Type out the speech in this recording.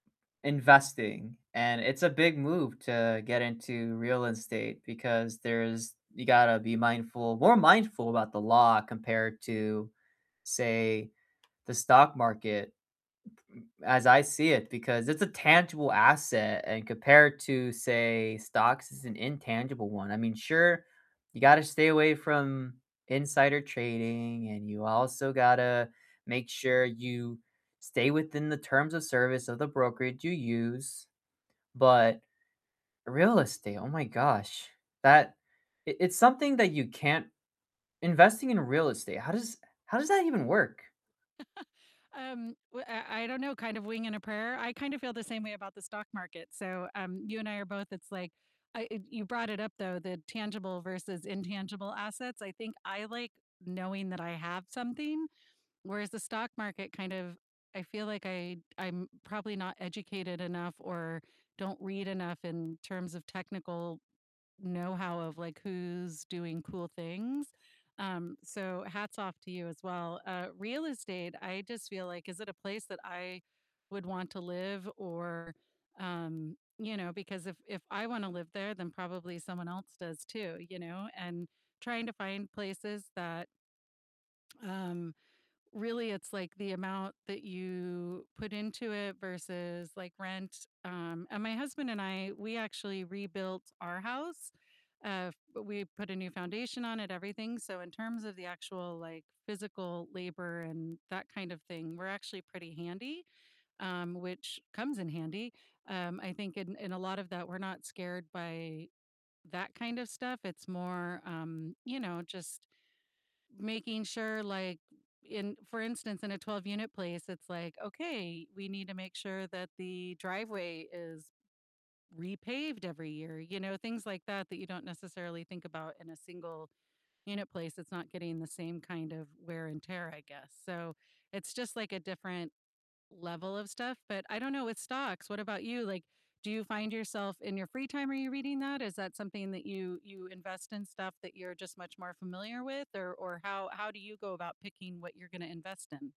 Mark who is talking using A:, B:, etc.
A: Investing and it's a big move to get into real estate because there's you gotta be mindful more mindful about the law compared to, say, the stock market as I see it, because it's a tangible asset and compared to, say, stocks is an intangible one, I mean, sure, you gotta stay away from insider trading, and you also gotta make sure you stay within the terms of service of the brokerage you use, but real estate, oh my gosh, that i it's something that you can't investing in real estate, how does how does that even work?
B: Um, w uh, I i don't know, kind of wing and a prayer, I kind of feel the same way about the stock market, so, um, you and I are both, it's like I it you brought it up, though, the tangible versus intangible assets, I think I like knowing that I have something, whereas the stock market kind of I feel like I I'm probably not educated enough or don't read enough in terms of technical knowhow of, like, who's doing cool things, um, so hats off to you as well, uh, real estate, I just feel like, is it a place that I would want to live or, um, you know, because if if I wanna live there, then probably someone else does too, you know, and trying to find places that um, really it's like the amount that you put into it versus, like, rent, um, and my husband and I, we actually rebuilt our house, uh, f we put a new foundation on it, everything, so in terms of the actual, like, physical labor and that kind of thing, we're actually pretty handy, um, which comes in handy, um, I think in in a lot of that, we're not scared by that kind of stuff, it's more, um, you know, just making sure, like, in, for instance, in a 12-unit place, it's like, "Okay, we need to make sure that the driveway is repaved every year," you know, things like that, that you don't necessarily think about in a single-unit place that's not getting the same kind of wear and tear, I guess, so it's just, like, a different level of stuff, but I don't know with stocks, what about you, like, do you find yourself, in your free time, are you reading that? Is that something that you you invest in stuff that you're just much more familiar with? Or or how how do you go about picking what you're gonna invest in?